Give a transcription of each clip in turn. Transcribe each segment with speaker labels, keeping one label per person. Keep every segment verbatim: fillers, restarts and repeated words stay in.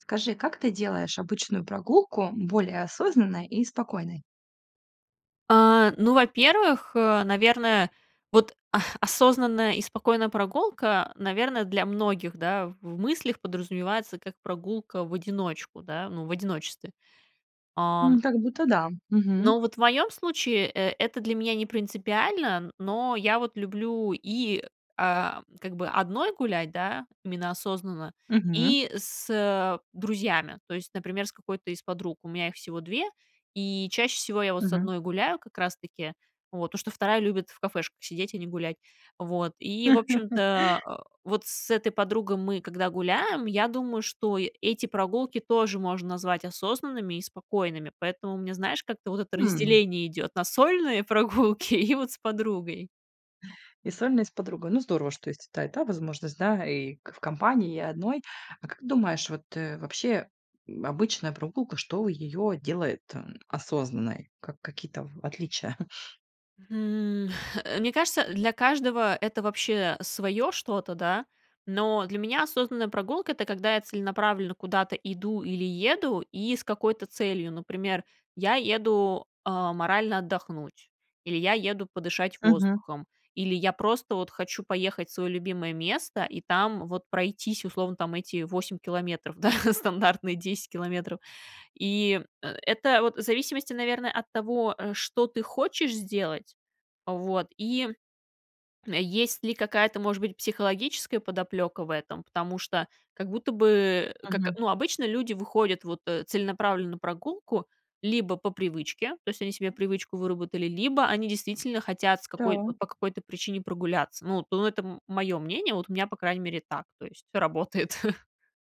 Speaker 1: Скажи, как ты делаешь обычную прогулку более осознанной и спокойной?
Speaker 2: А, ну, во-первых, э, наверное, вот, а, осознанная и спокойная прогулка, э, наверно, для многих, да, в в мыслях подразумевается как прогулка в одиночку, да, ну, в одиночестве.
Speaker 1: М,
Speaker 2: Ам.
Speaker 1: как будто да, мгм.
Speaker 2: Но вот в моем случае, э это для меня не принципиально, но я вот люблю и, а, как бы одной гулять, да, именно осознанно,
Speaker 1: Мгм.
Speaker 2: и с, э, друзьями, то есть, например, с какой-то из подруг. У меня их всего две, и чаще всего я вот с
Speaker 1: Мгм.
Speaker 2: одной гуляю как раз таки, вот, потому что вторая любит в кафешках сидеть и не гулять. Вот, и, в общем-то, о, вот с этой подругой мы, когда гуляем, я думаю, что и эти прогулки тоже можно назвать осознанными и спокойными, поэтому мне, знаешь, как-то вот это
Speaker 1: Хм.
Speaker 2: разделение идет на сольные прогулки и вот с подругой.
Speaker 1: И сольно, и с подругой. Ну, здорово, что есть и та и та возможность, да, и, к в компании, и одной. А как думаешь, вот, э, вообще, м, обычная прогулка, что её делает, м, осознанной, как какие-то в отличия?
Speaker 2: Хм, э, мне кажется, для каждого это вообще свое что-то, да. Но для меня осознанная прогулка- это когда я целенаправленно куда-то иду или еду и с какой-то целью. Например, я еду, а, морально отдохнуть, или я еду подышать
Speaker 1: Мгм.
Speaker 2: воздухом, или я просто вот хочу поехать в свое любимое место и там вот пройтись- условно там эти восемь километров, да, стандартные десять километров. И, э, это вот в зависимости, наверное, от того, э, что ты хочешь сделать, вот, и, м, есть ли какая-то, может быть, психологическая подоплека в этом? Потому что как будто бы как,
Speaker 1: Мгм.
Speaker 2: ну, обычно люди выходят вот, э, целенаправленно на прогулку либо по привычке, то есть они себе привычку выработали, либо они действительно хотят с какой
Speaker 1: Да.
Speaker 2: вот по какой-то причине прогуляться. Ну, у это м мое мнение. Вот у меня, по крайней мере, так. То есть все работает.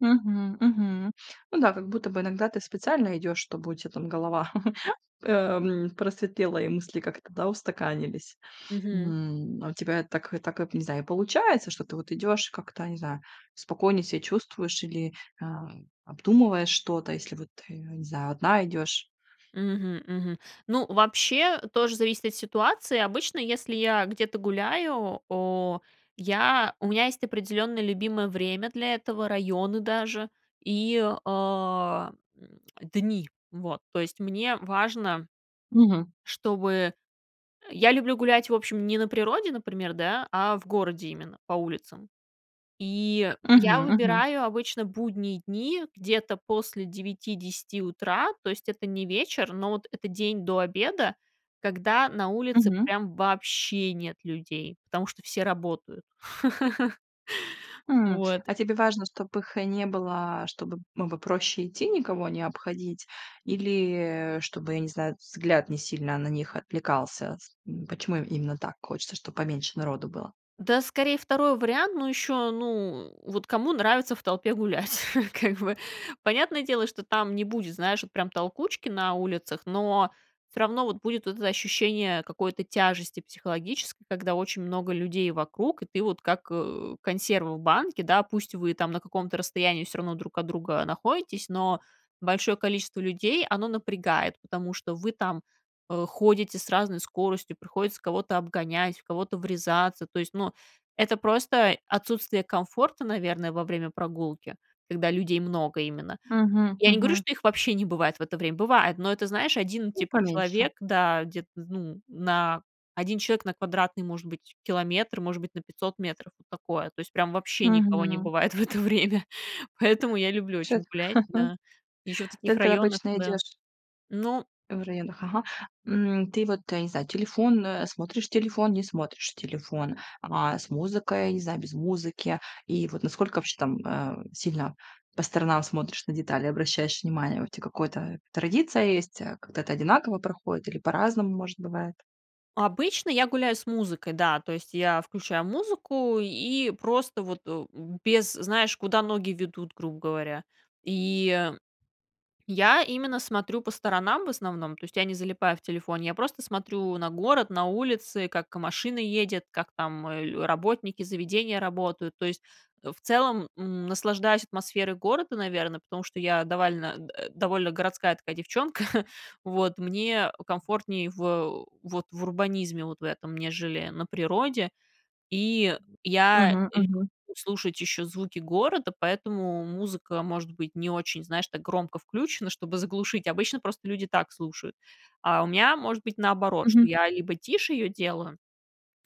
Speaker 1: Мгм, мгм. Ну да, как будто бы иногда ты специально идешь, чтобы у тя там голова, эм, просветлела, и мысли как-то, да, устаканились.
Speaker 2: Мгм.
Speaker 1: М, а у тебя это так и так вот не знаю, и получается, что ты вот идёшь и как-то, не знаю, спокойнее ся чувствуешь или, а, обдумываешь что-то, если вот, э, я не знаю, одна идёшь?
Speaker 2: Мгм, мгм. Ну, вообще тоже зависит от ситуации. Обычно, если я где-то гуляю, о, я у меня есть определенное любимое время для этого, районы даже и, а, м, дни, вот. То есть, мне важно,
Speaker 1: Мгм.
Speaker 2: чтобы я люблю гулять, в общем, не на природе, например, да, а в городе именно по улицам. И я
Speaker 1: Мгм, мгм.
Speaker 2: выбираю обычно будние дни где-то после девяти десяти утра, то есть это не вечер, но вот это день до обеда, когда на улице
Speaker 1: Мгм.
Speaker 2: прям вообще нет людей, потому что все работают.
Speaker 1: Хм.
Speaker 2: Вот.
Speaker 1: А тебе важно, чтобы их не было, чтобы б было проще идти, никого не обходить, или, э, чтобы, я не знаю, взгляд не сильно на них отвлекался? С м почему именно так хочется, чтоб поменьше народу было?
Speaker 2: Да, скорее, второй вариант. Но еще, ну, вот кому нравится в толпе гулять, как бы? Понятное дело, что там не будет, знаешь, вот прям толкучки на улицах, но всё равно вот будет это ощущение какой-то тяжести психологической, когда очень много людей вокруг, и ты вот как, э, консерва в банке. Да, пусть вы там на каком-то расстоянии всё равно друг от друга находитесь, но большое количество людей, оно напрягает, потому что вы там, э, ходите с разной скоростью, приходится кого-то обгонять, в кого-то врезаться, то есть, ну, это просто отсутствие комфорта, наверное, во время прогулки, когда людей много именно.
Speaker 1: Мгм,
Speaker 2: Я не говорю,
Speaker 1: мгм.
Speaker 2: что их вообще не бывает в это время. Бывает, но это, знаешь, один
Speaker 1: Ну,
Speaker 2: типа
Speaker 1: поменьше.
Speaker 2: человек, да, где-то, ну, на один человек на квадратный, может быть, километр, может быть, на пятьсот метров. Вот такое, то есть прям вообще никого не
Speaker 1: Мгм.
Speaker 2: бывает в это время. Поэтому я люблю
Speaker 1: Чет
Speaker 2: очень гулять, да, еще в таких
Speaker 1: Так
Speaker 2: районах,
Speaker 1: обычно
Speaker 2: да.
Speaker 1: идешь
Speaker 2: Ну
Speaker 1: В районах, ага. М, ты вот, я не знаю, телефон, э, смотришь телефон, не смотришь телефон, а, с музыкой, не знаю, без музыки. И вот насколько вообще там, э, сильно по сторонам смотришь, на детали обращаешь внимание, у тя какое-то традиция есть, э, как-то это одинаково проходит или по-разному, может, бывает?
Speaker 2: Обычно я гуляю с музыкой, да, то есть я включаю музыку и просто вот, э, б без, знаешь, куда ноги ведут, грубо говоря. И я именно смотрю по сторонам в основном. То есть я не залипаю в телефоне, я просто смотрю на город, на улицы, как машина едет, как там, а, работники, заведения работают. То есть, в целом, м, наслаждаюсь атмосферой города, наверно, потому что я давально а, а, довольно городская такая девчонка, вот. Мне, а, комфортней в вот в урбанизме вот в этом, нежели на природе. И я
Speaker 1: Мгм,
Speaker 2: люблю
Speaker 1: мгм.
Speaker 2: слушать еще звуки города, поэтому музыка может быть не очень, знаешь, так громко включена, чтобы заглушить. Обычно просто люди так слушают, а у меня может быть наоборот, что
Speaker 1: Мгм.
Speaker 2: я либо тише ее делаю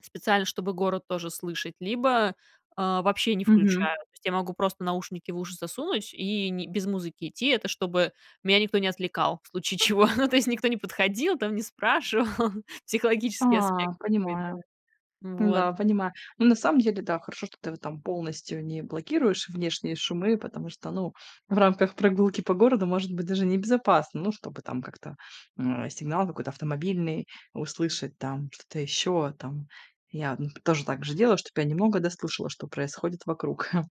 Speaker 2: специально, чтобы город тоже слышать, либо, а, вообще не
Speaker 1: Мгм.
Speaker 2: включаю. То есть я могу просто наушники в уши засунуть и не без музыки идти, это чтобы меня никто не отвлекал в случае чего. Ну, то есть никто не подходил там не спрашивал. Психологический
Speaker 1: А,
Speaker 2: аспект такой,
Speaker 1: понимаю.
Speaker 2: да. Вот.
Speaker 1: Да, понимаю. Ну, на самом деле, да, хорошо, что ты вот там полностью не блокируешь внешние шумы. Потому что, ну, в рамках прогулки по городу, может быть, даже небезопасно. Ну, чтобы там как-то, а, сигнал какой-то автомобильный услышать там, что-то еще там. Я, м, тоже также делаю, чтоб я немного да слышала, что происходит вокруг.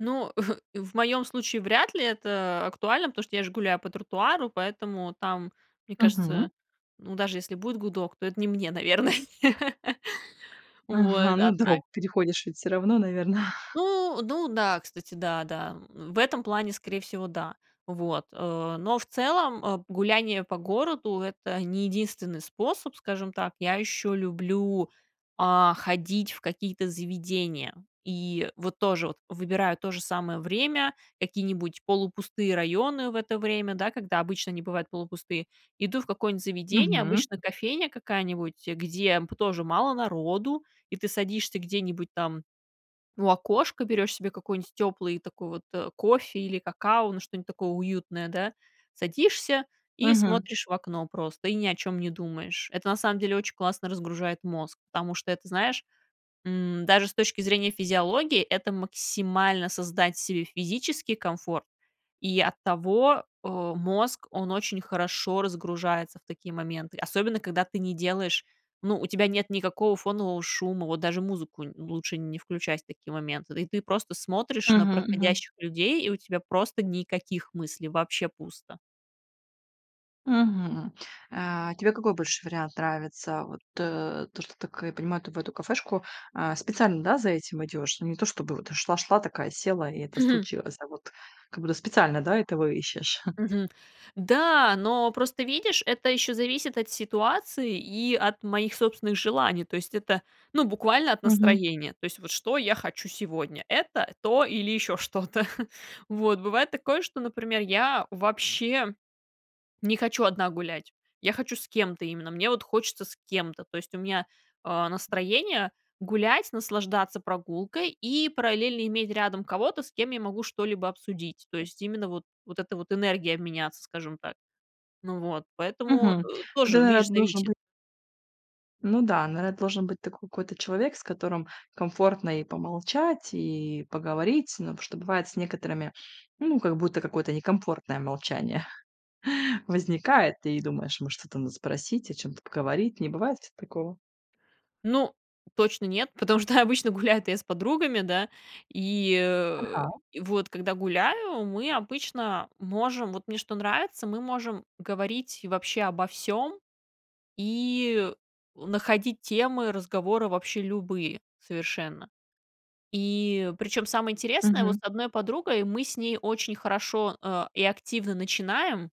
Speaker 2: Ну, в моем случае вряд ли это актуально, потому что я же гуляю по тротуару, поэтому там, мне кажется,
Speaker 1: Мгм.
Speaker 2: ну, даже если будет гудок, то это не мне, наверное.
Speaker 1: Ага,
Speaker 2: Вот.
Speaker 1: ну,
Speaker 2: А так
Speaker 1: дорогу переходишь ведь всё равно, наверно.
Speaker 2: Ну ну да, кстати, да, да, м, в этом плане, скорее всего, да. Вот. А, но в целом, а, гуляние по городу- это не единственный способ, скажем так. Я еще люблю, а, ходить в какие-то заведения. И вот тоже вот выбираю то же самое время, какие-нибудь полупустые районы в это время, да, когда обычно они бывают полупустые. Иду в какое-нибудь заведение,
Speaker 1: Мгм.
Speaker 2: обычно кофейня какая-нибудь, э, где п тоже мало народу. И ты садишься где-нибудь там у окошка, берешь себе какой-нибудь теплый такой вот, э, кофе или какао, ну, что-нибудь такое уютное, да. Садишься и
Speaker 1: Мгм.
Speaker 2: смотришь в окно просто и ни о чём не думаешь. Это на самом деле очень классно разгружает мозг. Потому что это, знаешь, м, даже с точки зрения физиологии, это максимально создать себе физический комфорт, и оттого, а, мозг, он очень хорошо разгружается в такие моменты, особенно когда ты не делаешь, ну, у тебя нет никакого фонового шума. Вот даже музыку н лучше не включать в такие моменты, и ты просто смотришь на
Speaker 1: Мгм мгм.
Speaker 2: проходящих людей. И у тебя просто никаких мыслей, вообще пусто.
Speaker 1: Мгм. А тебе какой больше вариант нравится? Вот то, что ты, как я понимаю, ты в эту кафешку, а, специально, да, за этим идешь. Ну, не то чтобы вот шла шла, такая села, и это
Speaker 2: Мгм.
Speaker 1: случилось, а вот как будто специально, да, этого ищешь?
Speaker 2: Мгм. Да, но просто, видишь, это ещё зависит от ситуации и от моих собственных желаний, то есть это, ну, буквально от
Speaker 1: Мгм.
Speaker 2: настроения- то есть вот что я хочу сегодня: это, то или ещё что-то. Вот бывает такое, что, например, я вообще не хочу одна гулять, я хочу с кем-то именно, мне вот хочется с кем-то. То есть у меня, э, настроение гулять, наслаждаться прогулкой и параллельно иметь рядом кого-то, с кем я могу что-либо обсудить. То есть именно вот вот эта вот энергиями обменяться, скажем так. Ну вот поэтому,
Speaker 1: Мгм.
Speaker 2: э,
Speaker 1: Ну,
Speaker 2: тоже,
Speaker 1: тогда
Speaker 2: видишь,
Speaker 1: должен
Speaker 2: зависит.
Speaker 1: бы ну да, наверно, должен быть такой какой-то человек, с которым комфортно и помолчать, и поговорить. Ну потому что бывает с некоторыми- ну как будто какое-то некомфортное молчание возникает, и думаешь: "Может, это надо спросить, о чём-то поговорить?" Не бывает у тя такого?
Speaker 2: Ну точно нет, потому что обычно гуляю-то я с подругами, да? И, э,
Speaker 1: Анхау.
Speaker 2: вот когда гуляю, мы обычно можем- вот мне что нравится- мы можем говорить вообще обо всём и находить темы разговора вообще любые совершенно. И причем самое интересное: вот
Speaker 1: Мгм.
Speaker 2: с одной подругой мы с ней очень хорошо, а, и активно начинаем,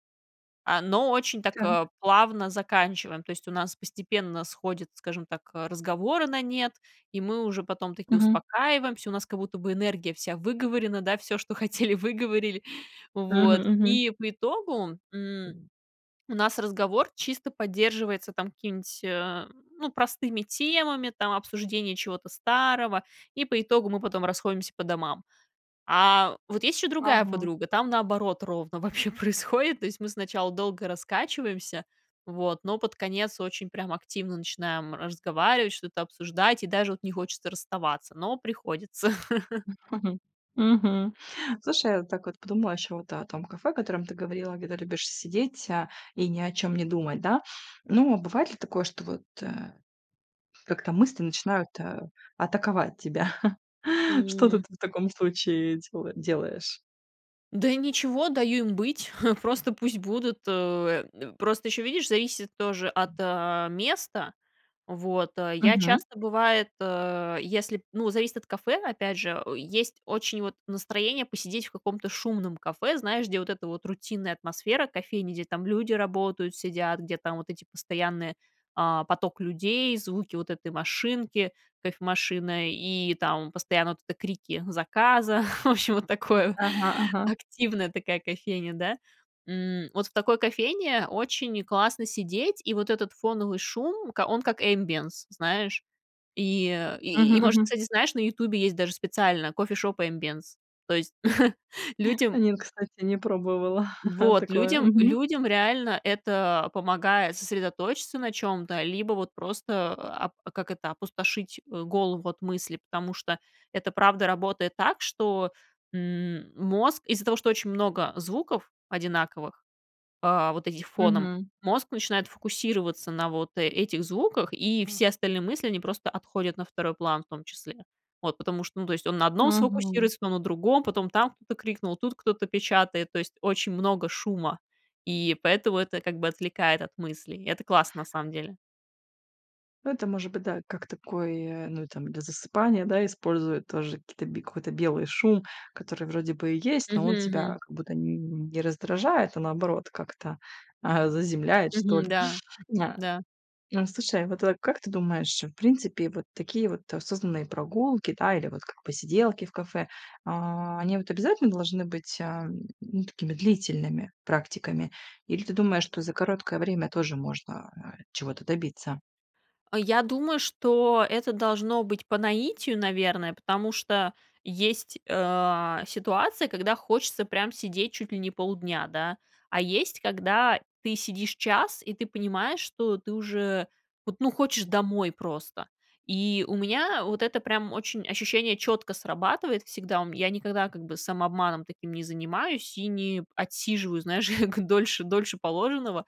Speaker 2: а, но очень так,
Speaker 1: Так.
Speaker 2: а, плавно заканчиваем. То есть у нас постепенно сходят, скажем так, а, разговоры на нет, и мы уже потом таки
Speaker 1: Мгм.
Speaker 2: успокаиваемся, у нас как будто бы энергия вся выговорена, да, всё, что хотели, выговорили.
Speaker 1: Мгм
Speaker 2: Вот,
Speaker 1: мгм.
Speaker 2: и по итогу, м, у нас разговор чисто поддерживается там какими-нибудь, э, ну простыми темами, там, обсуждения чего-то старого, и по итогу мы потом расходимся по домам. А вот есть еще другая
Speaker 1: Ага.
Speaker 2: подруга. Там наоборот ровно вообще происходит. То есть мы сначала долго раскачиваемся, вот, но под конец очень прям активно начинаем разговаривать, что-то обсуждать, и даже вот не хочется расставаться, но приходится.
Speaker 1: Мгм. Слушай, я вот так вот подумала ещё вот о том кафе, о котором ты говорила, где ты любишь сидеть, а, и ни о чём не думать, да. Ну, а бывает ли такое, что вот, э, как-то мысли начинают, а, атаковать тебя? Что-то
Speaker 2: М.
Speaker 1: ты в таком случае дела делаешь?
Speaker 2: Да ничего, даю им быть, просто пусть будут. Э, д просто ещё, видишь, зависит тоже от, а, места, вот. А, я
Speaker 1: Мгм.
Speaker 2: часто бывает, э, если, ну, зависит от кафе, опять же, есть очень, вот, настроение посидеть в каком-то шумном кафе, знаешь, где вот эта вот рутинная атмосфера кофейни, где там люди работают, сидят, где там вот эти постоянные, а, поток людей, звуки вот этой машинки, кофемашины, и там постоянно вот эти крики заказа. В общем, вот такое,
Speaker 1: Ага ага.
Speaker 2: активная такая кофейня, да. М, вот в такой кофейне очень классно сидеть, и вот этот фоновый шум, к он как ambiance знаешь. И, э,
Speaker 1: Мгм
Speaker 2: и, может,
Speaker 1: мгм.
Speaker 2: кстати, знаешь, на "Ютубе" есть даже специально Coffee Shop Ambience. То есть людям
Speaker 1: Нет, кстати, не пробовала
Speaker 2: Вот,
Speaker 1: такое,
Speaker 2: людям
Speaker 1: мгм.
Speaker 2: людям реально это помогает сосредоточиться на чём-то, либо вот просто, ап а как это, опустошить, э, голову от мыслей, потому что это правда работает так, что, м, мозг из-за того, что очень много звуков одинаковых, а, вот этих фоном,
Speaker 1: Мгм.
Speaker 2: мозг начинает фокусироваться на вот этих звуках, и все остальные мысли, они просто отходят на второй план в том числе. Вот, потому что, ну, то есть, он на одном
Speaker 1: Мгм.
Speaker 2: сфокусируется, то на другом, потом там кто-то крикнул, тут кто-то печатает, то есть очень много шума, и поэтому это как бы отвлекает от мыслей. Это классно, на самом деле.
Speaker 1: Это может быть, да, как такой, э, ну, и там для засыпания, да, используют тоже какие-то би какой-то белый шум, который вроде бы и есть, но
Speaker 2: Мгм
Speaker 1: он тебя
Speaker 2: мгм.
Speaker 1: как будто н не раздражает, а наоборот как-то, а, заземляет, что
Speaker 2: Мгм,
Speaker 1: ли.
Speaker 2: да,
Speaker 1: А
Speaker 2: да.
Speaker 1: а, слушай, вот как ты думаешь, в принципе, вот такие вот осознанные прогулки, да, или вот как посиделки в кафе, а, они вот обязательно должны быть, ам, ну, такими длительными практиками? Или ты думаешь, что за короткое время тоже можно, а, чего-то добиться?
Speaker 2: Э, я думаю, что это должно быть по наитию, наверное, потому что есть, э, ситуации, когда хочется прям сидеть чуть ли не полдня, да. А есть, когда ты сидишь час, и ты понимаешь, что ты уже вот, ну, хочешь домой просто. И у меня вот это прям очень ощущение четко срабатывает всегда. У м я никогда как бы самообманом таким не занимаюсь и не отсиживаю, знаешь, дольше дольше положенного.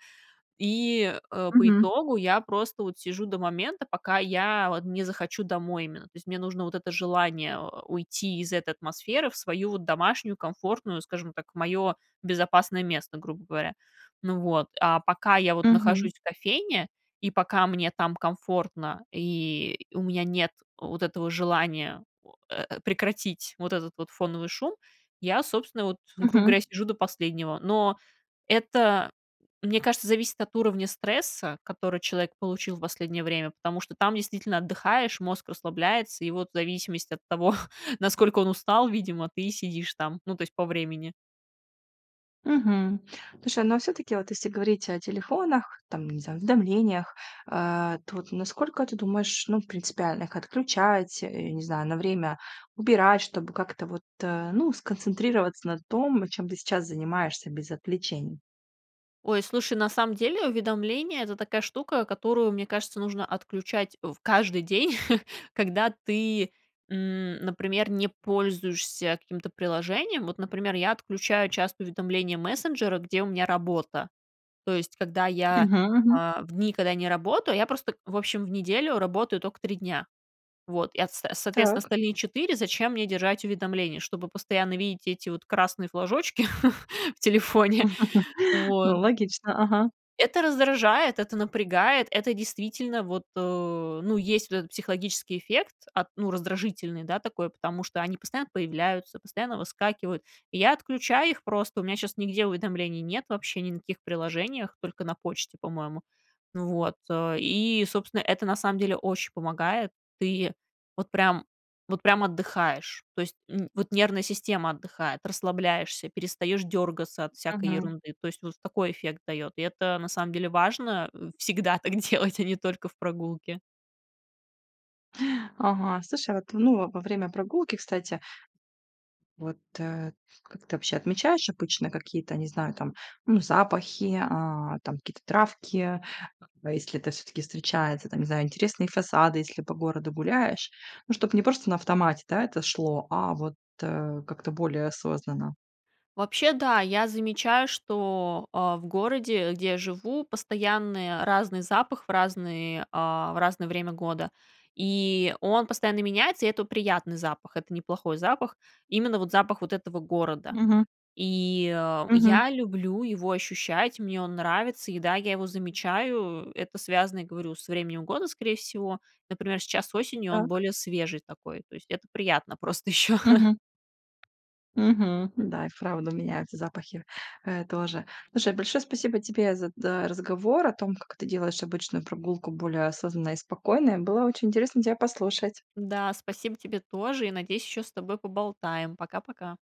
Speaker 2: И, э, по
Speaker 1: Мгм.
Speaker 2: итогу я просто вот сижу до момента, пока я вот не захочу домой именно. То есть мне нужно вот это желание уйти из этой атмосферы в свою вот домашнюю комфортную, скажем так, мое безопасное место, грубо говоря. Ну вот, а пока я вот
Speaker 1: Мгм.
Speaker 2: нахожусь в кофейне, и пока мне там комфортно, и у меня нет вот этого желания о э, прекратить вот этот вот фоновый шум, я, собственно вот, грубо
Speaker 1: Мгм.
Speaker 2: говоря, сижу до последнего. Но это, мне кажется, зависит от уровня стресса, который человек получил в последнее время, потому что там действительно отдыхаешь, мозг расслабляется, и вот в зависимости от того, насколько он устал, видимо, ты и сидишь там, ну, то есть, по времени.
Speaker 1: Мгм. Слушай, ну, а всё-таки, вот если говорить о телефонах, там, не знаю, уведомлениях, а то вот насколько ты думаешь, ну, принципиально их отключать, э, я не знаю, на время убирать, чтобы как-то вот, э, ну, сконцентрироваться на том, чем ты сейчас занимаешься без отвлечений?
Speaker 2: Ой, слушай, на самом деле, уведомления- это такая штука, которую, мне кажется, нужно отключать в каждый день, когда ты, м, например, не пользуешься каким-то приложением. Вот, например, я отключаю часто уведомления мессенджера, где у меня работа. То есть, когда я,
Speaker 1: Мгм мгм.
Speaker 2: а, в дни, когда я не работаю, я просто, в общем, в неделю работаю тока три дня. Вот. И от с соответственно,
Speaker 1: Так.
Speaker 2: остальные четыре, зачем мне держать уведомления, чтобы постоянно видеть эти вот красные флажочки в телефоне?
Speaker 1: Ну,
Speaker 2: Вот.
Speaker 1: логично, ага.
Speaker 2: Это раздражает, это напрягает, это действительно, вот, э, ну, есть вот этот психологический эффект, от, ну, раздражительный, да, такой, потому что они постоянно появляются, постоянно выскакивают. И я отключаю их просто, у меня щас нигде уведомлений нет вообще ни на каких приложениях, только на почте, по-моему, ну вот, э, и, собственно, это на самом деле очень помогает. Ты вот прям вот прям отдыхаешь. То есть, н вот нервная система отдыхает, расслабляешься, перестаешь дергаться от всякой
Speaker 1: Мгм.
Speaker 2: ерунды. То есть, вот такой эффект дает. И это на самом деле важно, э, всегда так делать, а не только в прогулке.
Speaker 1: Ага, слушай, вот, ну, во время прогулки, кстати вот, э, как ты вообще отмечаешь обычно какие-то, не знаю, там, ну, запахи, а, там, какие-то травки, э, если это всё-таки встречается? Там, не знаю, интересные фасады, если по городу гуляешь. Ну, чтобы не просто на автомате, да, это шло, а вот, э, как-то более осознанно.
Speaker 2: Вообще, да, я замечаю, что, э, в городе, где я живу, постоянные разный запах в разный а, в разное время года. И он постоянно меняется, и это приятный запах. Это неплохой запах. Именно вот запах вот этого города.
Speaker 1: Мгм.
Speaker 2: И, э,
Speaker 1: Мгм.
Speaker 2: я люблю его ощущать, мне он нравится. И да, я его замечаю, это связано, я говорю, с временем года, скорее всего. Например, сейчас осенью он
Speaker 1: Так.
Speaker 2: более свежий такой, то есть это приятно просто ещё.
Speaker 1: Мгм. Мгм, да, и вправду меняются запахи, э, тоже. Слушай, большое спасибо тебе за да, разговор о том, как ты делаешь обычную прогулку более осознанной и спокойной. И было очень интересно тя послушать.
Speaker 2: Да, спасибо тебе тоже, и, надеюсь, ещё с тобой поболтаем. Пока-пока.